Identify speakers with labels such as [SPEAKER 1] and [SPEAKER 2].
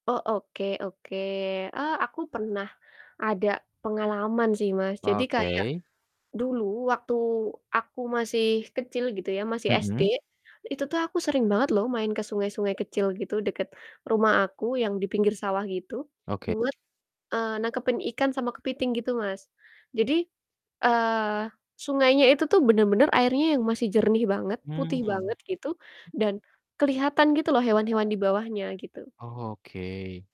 [SPEAKER 1] Oh oke oke. Ah aku pernah ada pengalaman sih Mas. Jadi kayak
[SPEAKER 2] Oke.
[SPEAKER 1] dulu waktu aku masih kecil gitu ya, masih SD,
[SPEAKER 2] Mhm.
[SPEAKER 1] itu tuh aku sering banget loh main ke sungai-sungai kecil gitu dekat rumah aku yang di pinggir sawah gitu,
[SPEAKER 2] Oke.
[SPEAKER 1] buat, eee, nangkepin ikan sama kepiting gitu Mas. Jadi, eee, sungainya itu tuh bener-bener airnya yang masih jernih banget, putih
[SPEAKER 2] Mmm.
[SPEAKER 1] banget gitu, dan keliatan gitu loh hewan-hewan di bawahnya gitu.
[SPEAKER 2] Oh oke.